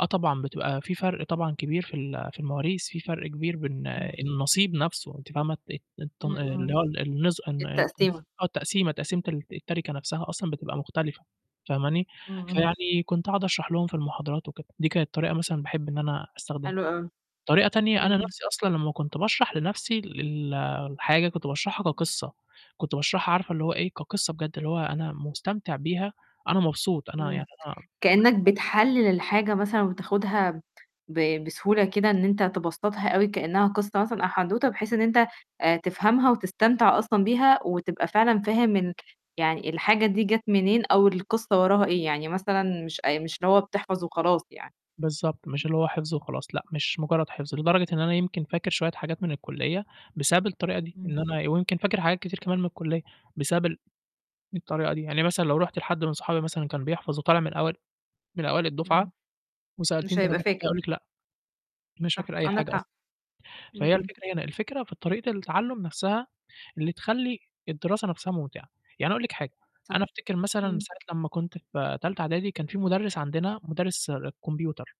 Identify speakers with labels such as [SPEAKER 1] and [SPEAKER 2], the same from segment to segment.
[SPEAKER 1] آه طبعًا، بتبقى في فرْق طبعًا كبير في ال في المواريث في فرْق كبير بين
[SPEAKER 2] إمم.
[SPEAKER 1] النصيب نفْسه أنتِ فاهمة، الت الت
[SPEAKER 2] إمم،
[SPEAKER 1] اللي
[SPEAKER 2] إمم.
[SPEAKER 1] هو ال النز
[SPEAKER 2] التقسيمة.
[SPEAKER 1] التقسيمة، تقسيمة التَرِكة نفْسها أصلًا بتبقى مختلفة فاهماني،
[SPEAKER 2] إمم، إمم.
[SPEAKER 1] فيعني كنت قعُد أشرح لهم في المحاضرات وكده دي كانت طريقة مثلًا باحب إن أنا أستخدمها،
[SPEAKER 2] حلو أوي.
[SPEAKER 1] طريقة تانية أنا
[SPEAKER 2] إمم.
[SPEAKER 1] نفْسي أصلًا لمّا كنت باشرح لنفْسي ال الحاجة كنت باشرحها كقصّة، كنت باشرحها عارفة اللي هو إيه كقصّة بجد اللي هو أنا مستمتع بيها أنا مبسوط، أنا يعني
[SPEAKER 2] إمم،
[SPEAKER 1] آه،
[SPEAKER 2] كإنك
[SPEAKER 1] [unintelligible]
[SPEAKER 2] بتحلل الحاجة مثلًا وبتاخدها ب بسهولة كده إن أنت تبسّطها أوي كإنها قصّة مثلًا أو حدوته بحيث إن أنت آآ، تفهمها وتستمتع أصلًا بيها، وتبقى فعلًا فاهم إن يعني الحاجة دي جات منين أو القصّة وراها إيه، يعني مثلًا مش أ مش اللي هو بتحفظ وخلاص يعني.
[SPEAKER 1] بالضبط، مش اللي هو حفظه وخلاص، لأ مش مجرّد حفظ، لدرجة إن أنا يمكن فاكر شوية حاجات من الكلية بسبب الطريقة دي،
[SPEAKER 2] إمم.
[SPEAKER 1] إن أنا ويمكن فاكر حاجات كتير كمان من الكلية، بسبب ال الطريقة دي، يعني مثلًا لو رُحت لحد من صحابي مثلًا كان بيحفظ وطالع من أوائل من أوائل الدفعة،
[SPEAKER 2] إمم.
[SPEAKER 1] وسألتيه
[SPEAKER 2] مش
[SPEAKER 1] أنت
[SPEAKER 2] هيبقى
[SPEAKER 1] فاكر حاجة
[SPEAKER 2] فاكر.
[SPEAKER 1] هيقول لِك لأ، مش
[SPEAKER 2] صح
[SPEAKER 1] فاكر أي
[SPEAKER 2] عندك
[SPEAKER 1] حاجة
[SPEAKER 2] حق.
[SPEAKER 1] أصلًا،
[SPEAKER 2] إمم.
[SPEAKER 1] فهي
[SPEAKER 2] إمم.
[SPEAKER 1] الفكرة هنا، الفكرة في طريقة التعلُّم نفْسها اللي تخلّي الدراسة نفْسها ممتعة، يعني أنا أقول لِك حاجة أنا
[SPEAKER 2] صح.
[SPEAKER 1] أفتكر مثلًا
[SPEAKER 2] إمم.
[SPEAKER 1] ساعة لمّا كنت في تالتة اعدادي كان في مدرِّس عندنا مدرِّس كمبيوتر،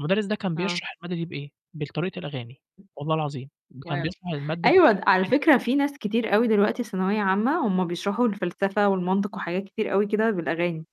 [SPEAKER 1] المدرِّس ده كان
[SPEAKER 2] آه.
[SPEAKER 1] بيشرح المادة دي بإيه بالطريقة الأغاني والله العظيم كان
[SPEAKER 2] واو!
[SPEAKER 1] بيشرح المادة بطريقة
[SPEAKER 2] أيوه على
[SPEAKER 1] الأغاني.
[SPEAKER 2] فكرة في ناس كتير أوي دلوقتي ثانوية عامّة، هُم بيشرحوا الفلسفة والمنطق وحاجات كتير أوي كده بالأغاني.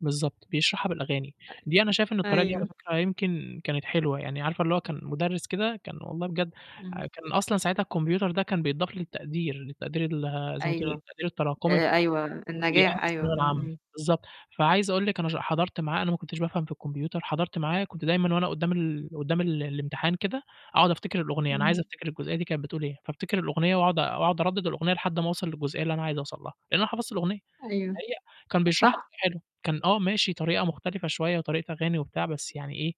[SPEAKER 1] بالضبط بيشرحها بالأغاني،
[SPEAKER 2] أيوه،
[SPEAKER 1] دي أنا شايف إن الطريقة دي على
[SPEAKER 2] أيوه.
[SPEAKER 1] فكرة يمكن كانت حلوة، يعني عارفة اللي هو كان مدرِّس كده كان والله بجد
[SPEAKER 2] إمم.
[SPEAKER 1] كان أصلًا ساعتها الكمبيوتر ده كان بيتضاف للتقدير، للتقدير ال زي ما تقولي
[SPEAKER 2] أيوه،
[SPEAKER 1] التقدير التراكمي
[SPEAKER 2] آآ، أيوه،
[SPEAKER 1] [unintelligible]
[SPEAKER 2] النجاح أيوه،
[SPEAKER 1] الثانوية
[SPEAKER 2] إمم،
[SPEAKER 1] العامة
[SPEAKER 2] إمم.
[SPEAKER 1] بالضبط، فعايز أقول لِك أنا ش حضرت معاه أنا ما كنتش بافهم في الكمبيوتر، حضرت معاه كنت دايمًا وأنا قدّام ال قدّام ال الامتحان كده أقعد أفتكر الأغنية أنا عايز
[SPEAKER 2] إمم.
[SPEAKER 1] أفتكر الجزئية دي كانت بتقول إيه، فأفتكر الأغنية وأقعد أقعد أردد الأغنية لحد ما اوصل للجزئية اللي أنا عايز أوصل لها، لإن أنا حفظت الأغنية،
[SPEAKER 2] أيوه،
[SPEAKER 1] هي كان بيشرحها
[SPEAKER 2] صح.
[SPEAKER 1] بطريقة حلوه كان آه، ماشي طريقة مختلفة شوية وطريقة أغاني وبتاع بس يعني إيه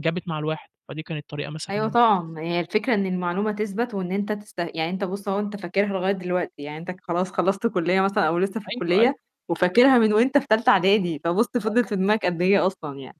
[SPEAKER 1] جابت مع الواحد، فدي كانت طريقة مثلًا
[SPEAKER 2] أيوة
[SPEAKER 1] ممتازة.
[SPEAKER 2] طبعًا، ما هي الفكرة إن المعلومة تثبَت، وإن أنت تست يعني أنت بُصّ أهو أنت فاكرها لغاية دلوقتي، يعني أنت خلاص خلّصت كلية مثلًا أو لسّه في
[SPEAKER 1] أيوه، أيوه.
[SPEAKER 2] الكلية، وفاكرها من وأنت في تالتة أعدادي فبُصّ فضلِت
[SPEAKER 1] [unintelligible]
[SPEAKER 2] في دماغك قد إيه أصلًا يعني.